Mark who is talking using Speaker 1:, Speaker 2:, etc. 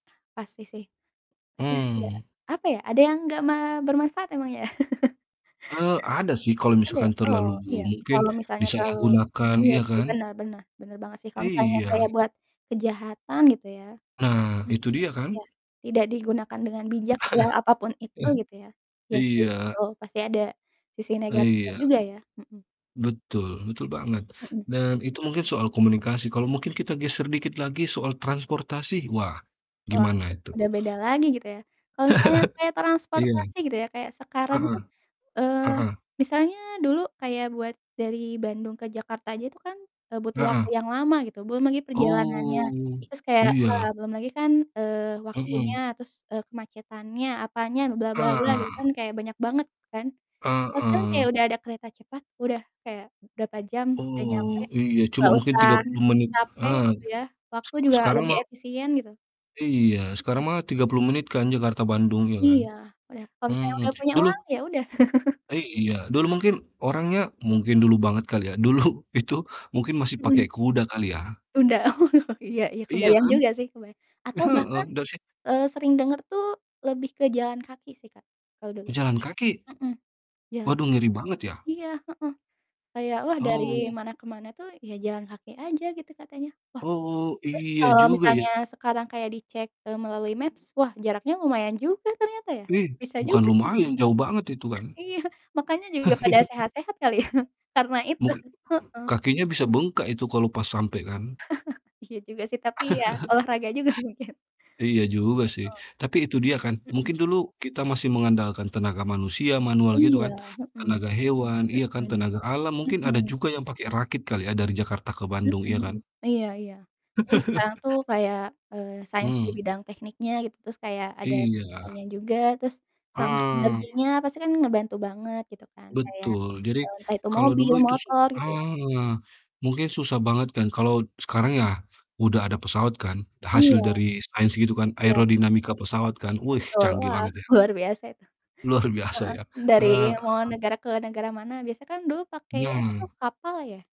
Speaker 1: Pasti sih. Nggak
Speaker 2: Mmm.
Speaker 1: apa ya, ada yang gak me bermanfaat emangnya?
Speaker 2: Eee, ada sih kalau
Speaker 1: Ada ya?
Speaker 2: misalkan
Speaker 1: Oh,
Speaker 2: terlalu bu
Speaker 1: iya
Speaker 2: mungkin
Speaker 1: kalau misalnya terlalu
Speaker 2: disalahgunakan,
Speaker 1: iya
Speaker 2: iya
Speaker 1: sih
Speaker 2: kan?
Speaker 1: benar benar benar banget sih, kalau misalnya
Speaker 2: Iya.
Speaker 1: kayak buat kejahatan gitu ya
Speaker 2: Nah,
Speaker 1: mhm,
Speaker 2: itu dia
Speaker 1: iya,
Speaker 2: kan?
Speaker 1: tidak digunakan dengan bijak gitu ya, apapun itu gitu ya ya sih,
Speaker 2: Iya.
Speaker 1: betul, pasti ada sisi negatifnya
Speaker 2: Iya.
Speaker 1: juga ya, mhm.
Speaker 2: Betul betul banget.
Speaker 1: Mhm.
Speaker 2: Dan, itu mungkin soal komunikasi kalau mungkin kita geser dikit lagi soal transportasi, wah,
Speaker 1: Wah,
Speaker 2: gimana itu?
Speaker 1: udah beda lagi gitu ya. Kalau misalnya kayak
Speaker 2: Iya.
Speaker 1: transportasi gitu ya, kayak sekarang
Speaker 2: Heeh
Speaker 1: tuh, eee,
Speaker 2: heeh.
Speaker 1: misalnya dulu kayak buat dari Bandung ke Jakarta aja itu kan, eee, butuh waktu
Speaker 2: Heeh.
Speaker 1: yang lama gitu, belum lagi perjalanannya,
Speaker 2: Oh,
Speaker 1: terus kayak, wah,
Speaker 2: iya.
Speaker 1: belum lagi kan, eee, waktunya
Speaker 2: Mhm.
Speaker 1: terus, eee, kemacetannya apanya gitu
Speaker 2: Heeh.
Speaker 1: kan, kayak banyak banget gitu kan. Terus kan, kayak
Speaker 2: Heeh.
Speaker 1: udah ada kereta cepat udah kayak berapa jam, udah nyampe
Speaker 2: Oh, iya cuma
Speaker 1: nggak
Speaker 2: mungkin
Speaker 1: usah
Speaker 2: 30 menit
Speaker 1: capek
Speaker 2: heeh,
Speaker 1: gitu ya, waktu
Speaker 2: sek
Speaker 1: juga
Speaker 2: sekarang
Speaker 1: lebih
Speaker 2: mah
Speaker 1: efisien gitu.
Speaker 2: Iya,
Speaker 1: Mhm.
Speaker 2: sekarang mah 30 menit kan, Jakarta Bandung, iya kan?
Speaker 1: Iya, udah kalau misalnya
Speaker 2: Mhm,
Speaker 1: udah punya
Speaker 2: dulu
Speaker 1: uang, ya udah.
Speaker 2: Iya, dulu mungkin orangnya mungkin dulu banget kali ya dulu itu mungkin masih
Speaker 1: Mhm.
Speaker 2: pakai kuda kali ya?
Speaker 1: Udah iya iya
Speaker 2: Iya
Speaker 1: kebayang
Speaker 2: kan?
Speaker 1: juga sih, kebayang atau
Speaker 2: Heeh,
Speaker 1: bahkan,
Speaker 2: dari si
Speaker 1: eee, sering denger tuh lebih ke jalan kaki sih, Kak, kalau dulu
Speaker 2: Jalan kaki?
Speaker 1: mhm, jalan
Speaker 2: Waduh, ngeri banget ya?
Speaker 1: iya, heeh, kayak wah dari
Speaker 2: Oh.
Speaker 1: mana ke mana tuh, ya jalan kaki aja gitu katanya, wah.
Speaker 2: Oh,
Speaker 1: Terus,
Speaker 2: iya
Speaker 1: kalau
Speaker 2: juga
Speaker 1: misalnya
Speaker 2: ya.
Speaker 1: sekarang kayak dicek, eee, melalui maps, wah jaraknya lumayan juga ternyata ya?
Speaker 2: Ih,
Speaker 1: Bisa
Speaker 2: bukan
Speaker 1: juga dia
Speaker 2: lumayan, jauh banget itu kan.
Speaker 1: iya, makanya juga pada sehat-sehat kali ya, karena itu.
Speaker 2: Muk
Speaker 1: Heeh.
Speaker 2: kakinya bisa bengkak itu kalau pas sampe kan?
Speaker 1: Iya juga sih, tapi ya olahraga juga mungkin.
Speaker 2: Iya juga sih,
Speaker 1: Heeh.
Speaker 2: tapi itu dia kan,
Speaker 1: Mhm.
Speaker 2: mungkin dulu kita masih mengandalkan tenaga manusia, manual gitu
Speaker 1: Iya,
Speaker 2: kan,
Speaker 1: mhm.
Speaker 2: tenaga hewan iya kan,
Speaker 1: Mhm.
Speaker 2: tenaga alam mungkin ada
Speaker 1: Mhm.
Speaker 2: juga yang pakai rakit kali ya, dari Jakarta ke
Speaker 1: Mhm
Speaker 2: Bandung, iya
Speaker 1: mhm,
Speaker 2: kan?
Speaker 1: iya iya. Ya, sekarang tuh kayak, eee, sains di
Speaker 2: Mmm.
Speaker 1: bidang tekniknya gitu, terus kayak ada
Speaker 2: Iya.
Speaker 1: fisikanya juga terus sama
Speaker 2: Ah.
Speaker 1: energinya pasti kan ngebantu banget gitu kan kayak,
Speaker 2: Betul! Jadi,
Speaker 1: eee, entah itu
Speaker 2: kalau
Speaker 1: mobil,
Speaker 2: dulu itu sih
Speaker 1: motor gitu ya.
Speaker 2: ah, mungkin susah banget kan, kalau sekarang ya, udah ada pesawat kan, hasil
Speaker 1: Iya.
Speaker 2: dari sains gitu kan,
Speaker 1: Iya.
Speaker 2: aerodinamika pesawat kan, wih,
Speaker 1: Betul!
Speaker 2: canggih
Speaker 1: Wah,
Speaker 2: banget ya.
Speaker 1: luar biasa itu,
Speaker 2: Luar biasa ya
Speaker 1: heeh,
Speaker 2: eee,
Speaker 1: dari mau
Speaker 2: heeh.
Speaker 1: negara ke negara mana, biasa kan dulu pakai, apa tuh,
Speaker 2: Nah.
Speaker 1: kapal ya?